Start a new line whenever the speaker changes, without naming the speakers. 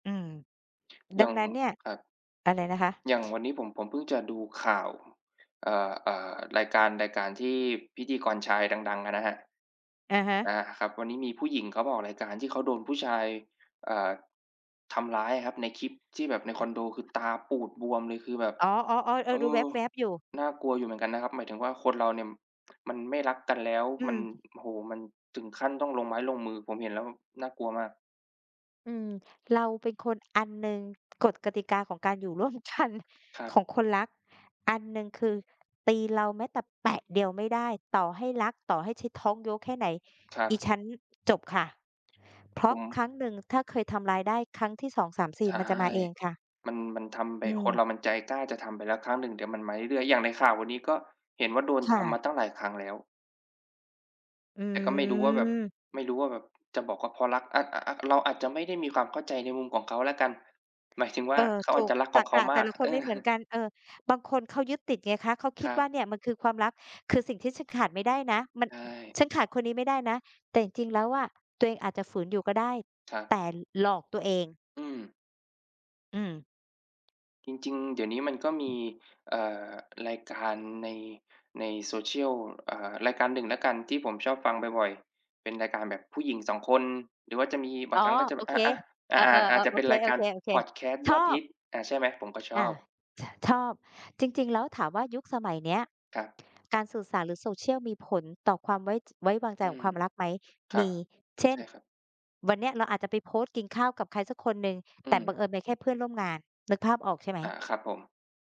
อืม ด
อย
ั
่า
ง
ง
นั้นเนี่ย
ครับ
อะไรนะคะ?
อย่างวันนี้ผม ผมเพิ่งจะดูข่าว เอ่อ เอ่อ รายการ รายการที่พิธีกรชายดัง ๆ อะนะฮะ
อะฮ
อ
ะ
า ครับ วันนี้มีผู้หญิงเขามาออกรายการที่เขาโดนผู้ชาย เอ่อ ทำร้ายอะครับ ในคลิปที่แบบในค
อ
อนโด คือตาปูดบวมเลย คือแบบ
อ๋อ ๆ ๆ เออ
เอ
ดูแ
อ
วบ ๆ อยู่
น่ากลัวอยู่เหมือนกันนะครับ หมายถึงว่าคนเราเนี่ยมันไม่รักกันแล้ว
อื
มัน
ม
โอ้โฮ มันถึงขั้นต้องลงไม้ลงมือ ผมเห็นแล้วแบบน่ากลัวมาก
อืม เราเป็นคน อันหนึ่ง กฎกติกาของการอยู่ร่วม กัน
ครับ
ของคนรัก อันหนึ่งคือ ตีเราแม้แต่แปะเดียวไม่ได้ ต่อให้รัก ต่อให้ฉันท้องโย้แค่ไหน
ครั
อิ
บ
ฉันจบค่ะ เพร
ผ
าะค
ม
รั้งหนึ่งถ้าเคยทำร้ายได้ครั้งที่ สองสามสี
ใ
่
ช่
มันจะมาเองค่ะ
มัน มันทำไป
อื
คน
ม
เรามันใจกล้าจะทำไปแล้วครั้งหนึ่ง เดี๋ยวมันมาเรื่อย ๆ อย่างในข่าววันนี้ก็เห็นว่าโดน
ค
ท
่
ำมา
ะ
ตั้งหลายครั้งแล้ว
อ
แต่ก็ไม่รู้ว่าแบบ
ืม
ไม่รู้ว่าแบบ จะบอกว่าเพราะรัก อา อ อ เราอาจจะไม่ได้มีความเข้าใจในมุมของเขาแล้วกัน หมายถึงว
เ
่า
ออ
เขา
ถ
อา
ู
จ
ก
จะรัก
ต
ข
ร
อง
ร
เข
ก
า
ะแ
ม
ต
า
่
ก
ละค
เ
น
อ
ไม่
อ
เหมือนกัน เออ บางคนเขายึดติดไงคะ เขาค
ค
ิด
รั
ว
บ
่าเนี่ยมันคือความรัก คือสิ่งที่ฉันขาดไม่ได้นะ มั
ใ
น
ช่
ฉันขาดคนนี้ไม่ได้นะ แต่จริง ๆ แล้วอะ ตัวเองอาจจะฝืนอยู่ก็ได้
ครับ
แต่หลอกตัวเอง
อืม
อืม
จริง ๆ เดี๋ยวนี้มันก็มี เอ่อ รายการใน ใน social อ่า รายการหนึ่งแล้วกันที่ผมชอบฟังบ่อย ๆ เป็นรายการแบบผู้หญิง 2 คน หรือว่าจะมี บา
อ๋
ง
อ
ครั้งก็จะ
โ
แบ
อ
บ อ
เค
อ อ
เออ
อ อาจ
ๆ
จ
ๆ
ะ
โอ
เป็น
เค
รายการพอดแค
ๆ
สต์
ๆ ช
ยอ
อ
ดฮ
บ
ิต อ่า ใช่ไหม ผมก็ช
อา
อบ
ช ชอบ จริง ๆ แล้วถามว่ายุคสมัยเนี้ย
ครับ
การสื่อสารหรือ social มีผลต่อความไว้ จ ไว้วางใจ
อื
ขอ
ม
งความรักไหม
คร
ม
ับ
ี เช
ใ
่
ช
น
่ครับ
วันนี้เราอาจจะไปโพสต์กินข้าวกับใครสักคนหนึ่ง
อื
แต่บ
ม
ังเอิญเป็นแค่เพื่อนร่วมงาน นึกภาพออกใช่ไห
อา
ม?
ครับผม